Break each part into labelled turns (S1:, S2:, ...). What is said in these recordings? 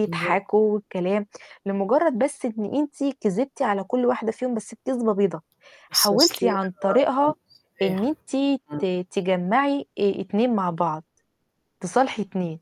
S1: [unintelligible]
S2: والكلام، لمجرد بس إن أنتِ كذبتِ على كل واحدة فيهم بس كذبة بيضة، حاولتِ عن طريقها إن أنتِ
S1: [unintelligible]
S2: ت
S1: امم.
S2: تجمّعي آآ 2 مع بعض، تصالحي 2.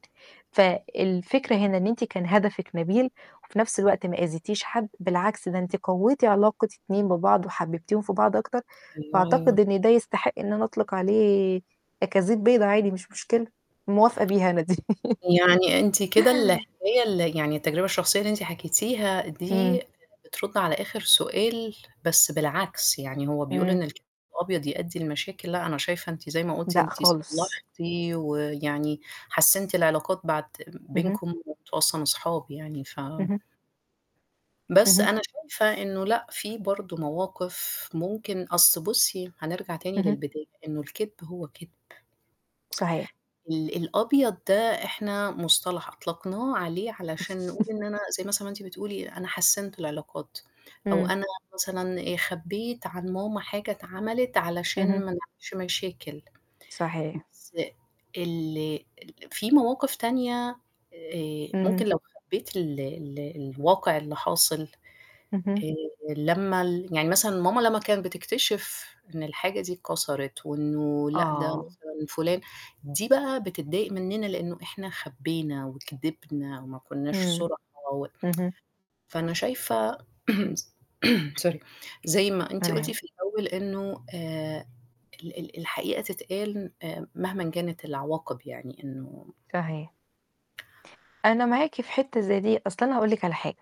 S2: فالفكرة هنا إن أنتِ كان هدفِك نبيل وفي نفس الوقت ما أذيتيش حد، بالعكس ده أنتِ قويتِ علاقة 2 ببعض وحببتيهم في بعض أكتر،
S1: أيوه، أيوه.
S2: فأعتقد إن ده يستحق إن أنا أطلق عليه أكاذيب بيضة عادي مش مشكلة، موافقة بيها أنا دي.
S1: يعني أنتِ كده الحكاية ال يعني التجربة الشخصية اللي أنتِ حكيتيها
S2: إمم.
S1: دي، بترد على آخر سؤال بس بالعكس، يعني هو بيقول
S2: إمم.
S1: إن [unintelligible] الأبيض يؤدي لمشاكل، لا أنا شايفة أنتِ زي ما قلتِ
S2: لأ
S1: أنتِ
S2: خالص.
S1: صلحتِ ويعني حسنتِ العلاقات بعد
S2: اهم.
S1: بينكم وأنتم أصلًا أصحابي يعني ف
S2: اهم.
S1: بس
S2: اهم.
S1: أنا شايفة إنه لأ، في برضه مواقف ممكن أصل بُصّي هنرجع تاني
S2: اهم.
S1: للبداية، إنه الكدب هو كدب.
S2: صحيح.
S1: ال الأبيض ده إحنا مصطلح أطلقناه عليه علشان نقول إن أنا زي مثلًا أنتِ بتقولي أنا حسنت العلاقات، أو
S2: إمم.
S1: أنا مثلًا خبيت عن ماما حاجة اتعملت علشان
S2: اهم.
S1: ما نعملش مشاكل،
S2: صحيح.
S1: بس ال في مواقف تانية، آآ
S2: همم.
S1: ممكن لو خبيت ال ال الواقع اللي حاصل،
S2: اهم.
S1: آآ لما ال يعني مثلًا ماما لما كانت بتكتشف إن الحاجة دي اتكسرت وإنه لأ، ده
S2: آه.
S1: مثلًا فلان دي بقى بتضايق مننا لأنه إحنا خبينا وكدبنا وما كناش
S2: إمم.
S1: صُرحة و
S2: اهم.
S1: فأنا شايفة سوري، زي ما أنتِ
S2: ولا
S1: قلتِ
S2: يهم
S1: في الأول إنه آآ ال ال الحقيقة تتقال آآ مهما كانت العواقب يعني إنه
S2: صحيح. أنا معاكِ في حتة زي دي، أصل أنا هاقول لِك على حاجة.